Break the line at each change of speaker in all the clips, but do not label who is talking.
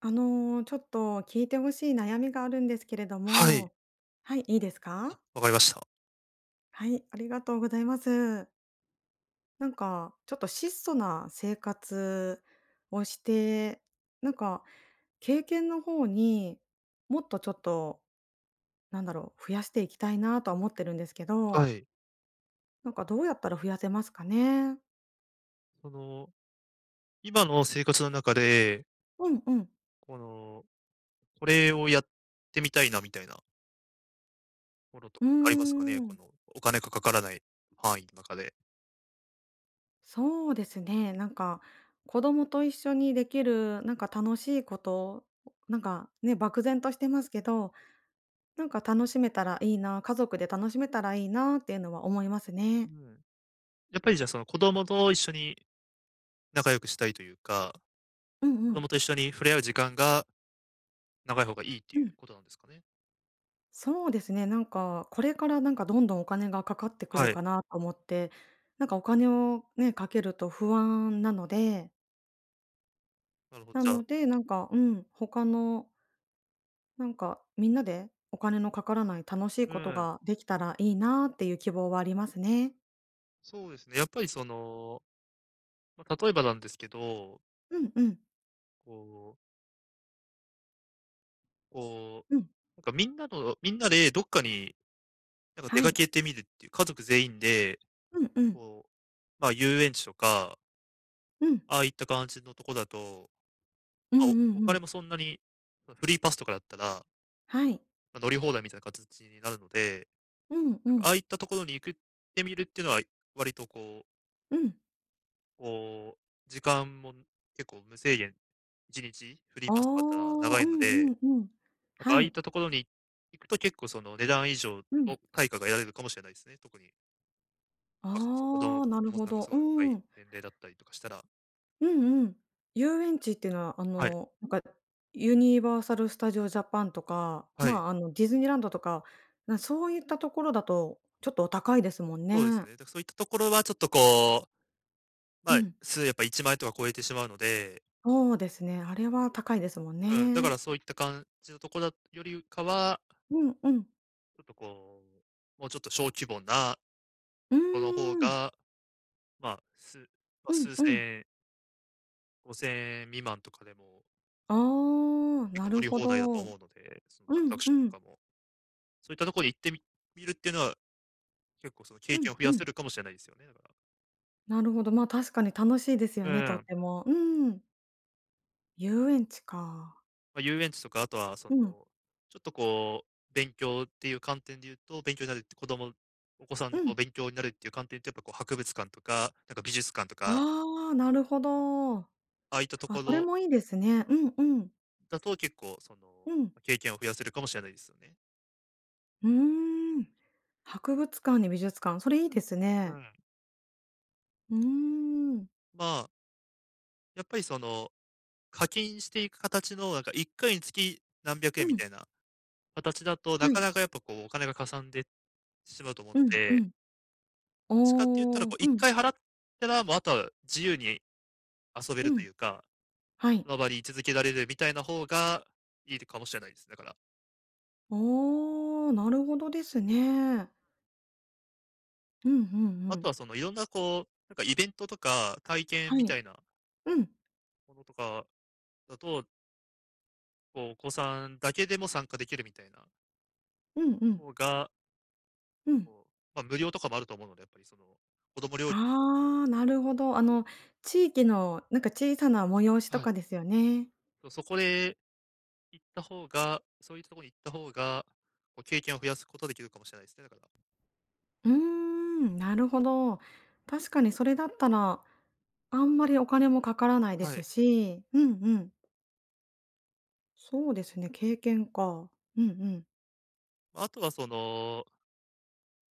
あの、ちょっと、聞いて欲しい悩みがあるんですけれど
はい。
も。はい、いいです
あ、
か？
わかりました。
はい、ありがとうございます。なんか、ちょっと、質素な生活をして、なんか、経験の方に、もっと、ちょっと、なんだろう、増やしていきたいなとは思ってるんですけ
は
ど。
い。
なんか、どうやったら増やせますかね。
その、今の生活の中で
うんうん。
この、これをやってみたいな、みたいなものと
うー
かありますかね？こ
ん。
の、お金がかからない範囲の中で。
そうですね。なんか、子供と一緒にできる何か楽しいこと。なんか、ね、漠然としてますけど、なんか、楽しめたらいいな、家族で楽しめたらいいなっていうのは思いますね。
うん。やっぱり、じゃ、その、子供と一緒に仲良くしたいというか、
うん
子
う
ど
ん。
もと一緒に触れ合う時間が長い方がいいってい
う
う
ん。
ことなんですかね？
そうですね、なんか、これからなんかどんどんお金がかかってくる
はい。
かなと思って。なんかお金をね、かけると不安なので
なるほど、
な
じゃ
の
あ
で、なんか、うん、他のなんか、みんなでお金のかからない楽しい
う
こと
ーん。
ができたらいいなっていう希望はありますね。
そうですね、やっぱりその、ま、例えばなんですけど
うんうん。
こうこ
うん。
う、なんかみんなの、みんなでどっかに、なんか出
は
か
い。
けてみるっていう、家族全員で、
うんうん。
こう、まあ遊園地とか
うん。
ああいった感じのとこだと、
うん
あ、
う
おお
んう
金
ん。
もそんなに、ま、フリーパスとかだったら
はい。
ま、乗り放題みたいな形になるので。
うんう
あ
ん。
あいったところに行くってみるっていうのは、い割とこう
うん。
こう、時間も、うん、結構無制限、1日フリー
ああ、
パス使ったら長
う
いの
んう
で。
んうん。
なんかあ
は
あいっ
い。
たところに、行くと結構その値段以上
うん。
の対価が得られるかもしれないですね、特に。なんか、そう。子供
ああ、な
子
る
供
ほ
さんが
ど。
すご
う
い若い
ん。
年齢だったりとかしたら。
うんうん。遊園地っていうのは、あ
はい。
の、なんか、ユニバーサルスタジオジャパンとか、
はい。
まあ、あの、ディズニーランドとか、なん、そういったところだとちょっとお高いですもん
そうです
ね。
ね。だから、そういったところはちょっとこう、ま
う
あ、
ん。
すうやっぱ、1万円とか超えてしまうので。
そうですね。あれは高いですもん
うん、だか
ね。
ら、そういった感じのとこだよりかは
うんうん。
ちょっと、こう、もうちょっと小規模な
うー
とこの方
ん。
が、まあ、すまあ、
うん
数
うん。
千円。5000円未満とかでも
ああ、
結
な
構乗
る
り
ほ
放題だと
ど。う
思うので、その、アトラ
ん
クシ
う
ョンと
ん。
かも。そういったとこに行ってみみるっていうのは、結構、その、経
うん
験を増
う
やせ
ん。
るかもしれないですよね、だから。
なるほど。まあ、確かに楽しいです
う
よね、とっ
ん。
ても。うん。遊園地か。
ま、遊園地とか、あとは、その、
うん。
ちょっとこう、勉強っていう観点で言うと、勉強になるって子供お子さん
う
のこう
ん。
勉強になるっていう観点っていうと、やっぱこう、博物館とか、なんか美術館とか。
ああ、なるほど。あ、
ああいったとこ
それ
ろ。
もいいですね。うんうん。
だと、結構、その、
うん。
ま、経験を増やせるかもしれないですよね。
うーん。博物館に美術館、それいいです
う
ね。
ん。
うーん。
まあ。やっぱり、その、課金していく形のなんか1回につき何百
う
円み
ん。
たいな形だと、な
は
か
い。
なかやっぱこうお金がかさんでしまうと思う
う
の
んう
で。
ん。
どっちかって言ったら、
お
こ
お、
ういっ
うん。
かい払ったら、もうあとは自由に遊べ
う
ると
ん。
いうか、
はい。
周り、い続けられるみたいな方がいいかもしれないです。だから。
おお、なるほどですね。うんうんう
あと
ん。
はその、いろんなこう、なんかイベントとか、体験
は
み
い。
たいな
うん。
ものとか、だと。こうお子さんだけでも参加できるみたいな。
うんうん。
ほうが。
うん。
こう、ま無料とかもあると思うので、やっぱりその、子供料金だと。
ああ、なるほど。あの地域のなんか小さな催しと
はい。
かですよね。
そうそこで、行った方が、そういったところに行った方が、こう経験を増やすことができるかもしれないですね、だから。
うーん、なるほど。確かにそれだったら、あんまりお金もかからないで
はい。
すし。うんうん。
そうで
そう
す
で
ね。
すね、経験か。うんうん。
まあ、あとはその。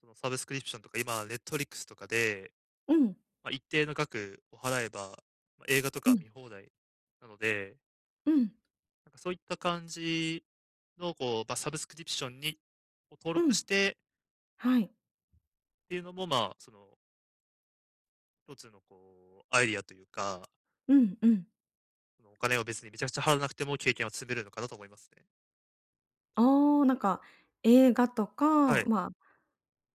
そのサブスクリプションとか、今ネットフリックスとかで、
うん。
ま、一定の額を払えば、映画と
う
か
ん。
見放題なので
うん。
なんかそういった感じのこう、まあ、サブスクリプションに登
う
録し
ん。
て
はい。
っていうのもまあ、その一つのこう、アイディアというか。
うんうん。
その、お金を別にめちゃくちゃ払わなくても経験は積めるのかなと思いますね。
ああ、なんか映画と
は
か、
い。
まあ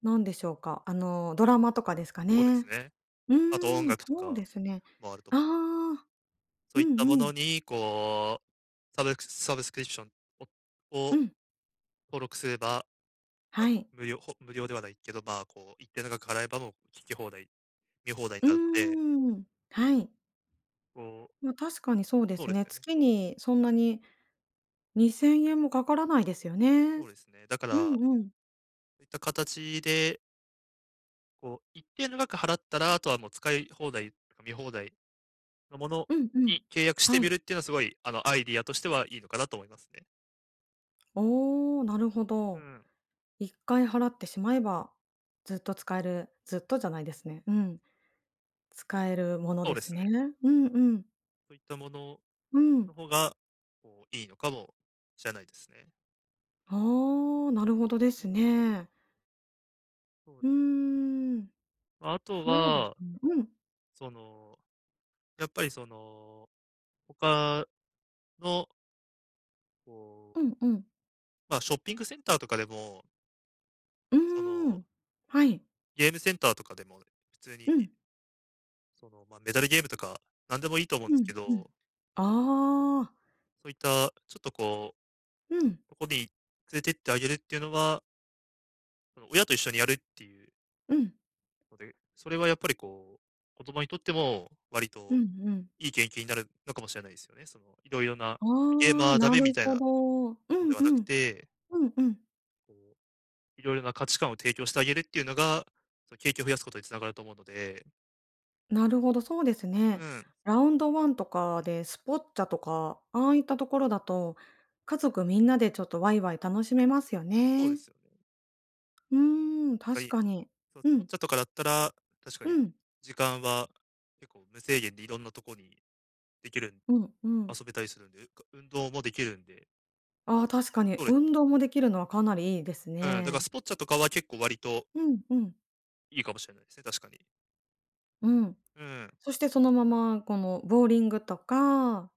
なんでしょうか、あのドラマとかですか
そうです
ね。
ね。
う
あと音
ん、
楽と
そう
か
ですね。
もあると。
あ
けど。
あ。
そ
う
ういっ
ん
たも
う
の
ん。
に、こう、サブサブスクリプションを
う
を、
ん。
登録すれば、ま、
はい。
無料、ほ無料ではないけど、まあ、こう、一定の額払えば、もう、聴き放題、見放題に
う
なるので
ーん。はい。
こう
まあ、確かにそうで
そう
す
です
ね。
よね。
月にそんなに、2000円もかからないですよ
そ
ね。
うですね。だか
う
ら。
んうん。
そういった形で。こう、一定の額払ったら、後は、もう使い放題、何か見放題、の物
うんうん、
に契約し
は
て見
い。
るって言うのは、凄い、あの、アイディアとしては、良いのかなと思いますね。
おお、なるほ
う
ど、
ーん。
一回払ってしまえば、ずっと使える、ずっとじゃないですね、うん、使えるもの
そう
で
で
す
す
ね、
ね。
うんうん。
そう言った物
うん。
の方が、こう、良いのかもしれないですね。
ああ、なるほどで
うー
す
ん。
ね。
そう。
うーん、
後
そうです
は
ね、うん。
その、やっぱりその、他のこ
う
う
んうん。
ま、ショッピングセンターとかでも
う
そ
ー
の
ん、はい。
ゲームセンターとかでも、普通
う
に
ん。
その、ま、メダルゲームとか、何でも良いと思うんで
う
す
ん、
け
うん、
ど
ああ。
そう言った、ちょっとこ
うん。
う、とこに、連れてってあげるって言うのはあの、親と一緒にやるって言う
うん。
ので、それはやっぱり、こう子供にとっても、割
う
と
んうん。
良い経験になるのかもしれないですよね、その、色々な
あ
ゲーマ
あ、
ー駄
な
目み
る
たいな
ほど、う
の
ん
では
う
なく
ん、
て。
うんうん。
こう、いろいろな価値観を提供してあげるっていうのが、その景気を増やすことにつながると思うので。
なるほど、そうですね。
うん。
ラウンドワンとかでスポッチャとか、ああいったところだと、家族みんなでちょっとわいわい楽しめますよ
そうで
ね。
すよ。
うーん、
は
確
い、
かに、
そうス
う
ポッ
ん。
チャとかだったら、確か
う
に、
ん。
時間は結構無制限でいろんなとこにできるん
うんうん。
遊べたりするんで、うか運動もできるんで。
ああ、確かに。
そうです。
運動もできるのはかなりいいです
うん、だから
ね。
スポッチャとかは結構割と
うん、うん。
いいかもしれないですね、確かに。
うん。
うん。
そしてそのままこのボーリングとか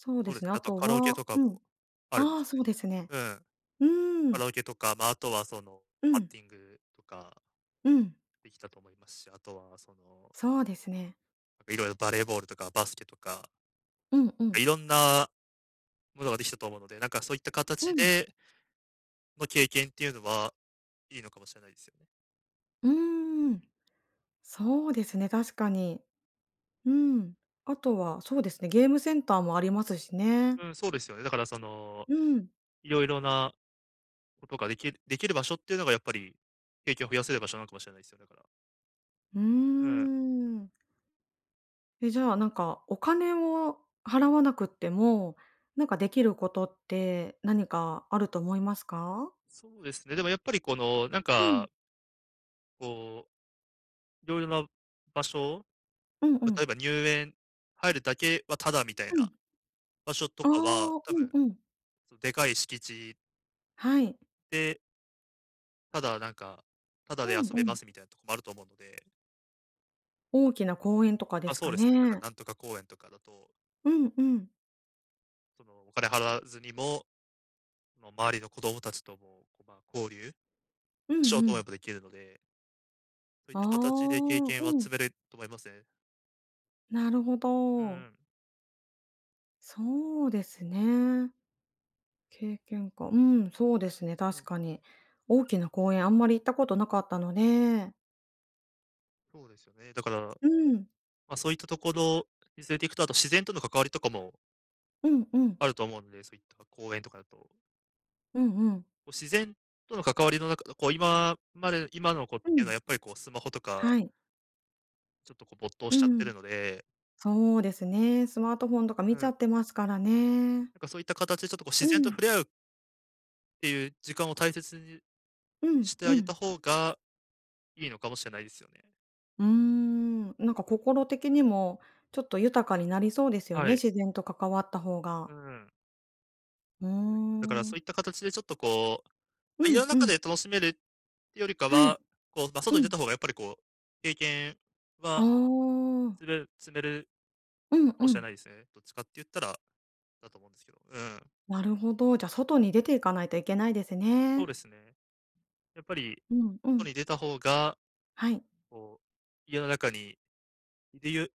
そう
そう
で
です
す
ね、
ね、あ
あと
と
カラオケ
は
とか
うん。
もあるんで
あ
す
あ、
か
そ
ね。
うですね。
うん。
うー
カラ
ん。
オケとか、まああとはその、
う
バッ
ん。
ティングとか
うん。
できたと思いますし、あとは、その
そうですね。
いろいろバレーボールとかバスケとか
うんうん。
いろんなものができたと思うので、なんかそういった
う
形
ん。
でまあ経験っていうのは、いいのかもしれないですよ。
うーん。そうですね、確かに。うん、あとはそうですね、ゲームセンターもありますしね。
うん、そうですよね。だからその、
うん。
いろいろなことができるできる場所っていうのがやっぱり、景気を増やせる場所なんかもしれないすよ、だから。
うー
うん。
ん。え、じゃあなんか、お金を払わなくっても、なんかできることって何かあると思いますか？
そうですね、でもやっぱりこの、なん
う
か
ん。
こう、いろいろな場所、
うんう
ま、とえ
ん。
ば入園入るだけはタダみたいな、
うん。
場所と
あ
かは、
あ、
多
うん
分、
うん。
そのでかい敷地
はい。
でただ、なんか、タダ
う
で遊
ん
べ
う
ま
ん。
すみたいなとこもあると思うので。
大きな公園とかで
あ、
す
そう
か
ですね。なんか
ね。
なんとか公園とかだと。
うんうん。
その、お金払わずにも、あの、周りの子供達とも、こう、こ、ま、交流
う
しよ
ん
う
う
と思え
ん。
ばできるので。そういっ
あ
た形で経
あ、
験は
う
積
ん。
める、と思いますね。
なるほ
うんう
ど。
ん。
そうですね。経験か、うん、そうですね、
う
確
ん。
かに。大きな公園あんまり行ったことなかったので
そうですよね。だから、
うん。
ま、そういったところに連れていくと、あと、自然との関わりとかも
うん、うん。
あると思うんで、そういったか公園とかだと。
うんうん。
こう自然との関わりの中...う、こう今まで...今の子って
う
いうのは
ん。
やっぱりこうスマホとか
はい。
ちょっとこう、没頭
う
しちゃってる
ん。
ので。
そうですね。スマートフォンとか
う
見ち
ん。
ゃってますからね。
なんかそういった形で、ちょっとこう自
う
然と
ん。
触れ合うっていう時間を大切にゅ、に
うん、
して
う
あげた
ん。
方が、良いのかもしれないですよね。
うーん、なんか心的にも、ちょっと豊かになりそうですよ
は
ね、
い。
自然と関わった方が。
うん。
うー
そうですね、だからそ
ん。
ういった形でちょっとこう、
う
ま、家の
ん、う
中
ん。
で楽しめるってよりか
はい。
は、こう、ま、外
う
に出た
ん。
方がやっぱりこう、経験
あ
は
あ。
つれる...積める
うん、
か
う
もしれ
ん。
ないですね。どっちかって言ったら、だと思うんですけど。うん。
なるほど。じゃ外に出ていかないといけないです
そう
ね。
ですね。やっぱり、
うん、う
外
ん。
に出た方が、
はい。
こう、家の中に、いりゆ、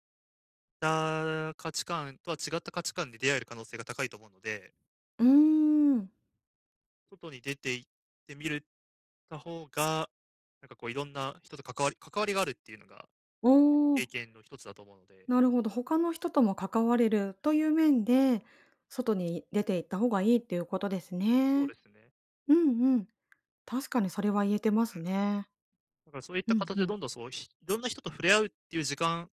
ああ、価値観とは違った価値観で出会える可能性が高いと思うので
うーん。
外に出て行ってみるた方が、なんかこういろんな人と関わり関わりがあるっていうのが、結構、
おお。
経験の一つだと思うので。
なるほど、他の人とも関われるという面で、外に出て行った方がいいっていうことです
そうで
ね。
すね。
うんうん。確かにそれは言えてま
は
す
い。
ね。
なんかそういっ
う
た
ん、
形
ふ
で
ん。
どんどんそう、ひいろんな人と触れ合うっていう時間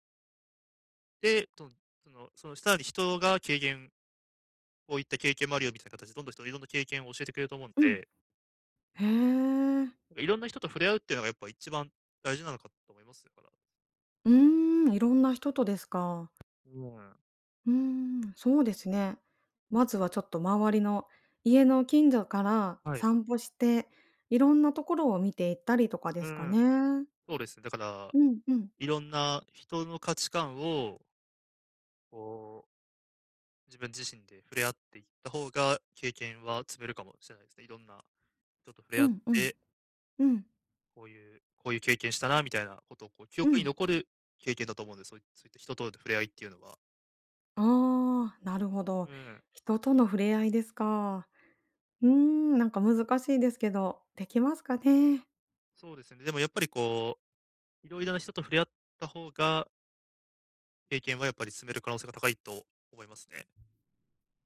で、とんそのそのひたり人が軽減こういった経験もあるよみたいな形で、どんどん人がいろんな経験を教えてくれると思うん
うん。
で。
へえ。
いろんな人と触れ合うっていうのがやっぱ一番大事なのかと思いますから。
うーん。いろんな人とですか。
うん。
うーん。そうですね。まずはちょっと周りの、家の近所から
はい。
散歩して、いろんなところを見て行ったりとかで
う
すか
ん。
ね？
そうです、だから、
うん、うん。
いろんな人の価値観をこう自分自身で触れ合っていった方が、経験は積めるかもしれないですね、色んな人と触れ
う
合っ
んうん。
て
うん。
こういうこういう経験したな、みたいなことをこう、記
う
憶に
ん。
残る経験だと思うんで、そういそういった人と、と、触れ合いっていうのは。
ああ、なるほど。
うん。
人との触れ合いですか。うーん、なんか難しいですけど。できますかね？
そうですよね。でもやっぱりこう、色々な人と触れ合った方が経験はやっぱり積める可能性が高いと思いますね。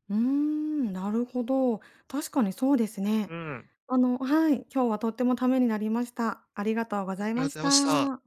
うーん、なるほど。確かにそうですね。
うーん。
あのはい、今日はとってもためになりました。ありがとうご
はい、
ざい
あ
ま
り
し
ざいました。
た。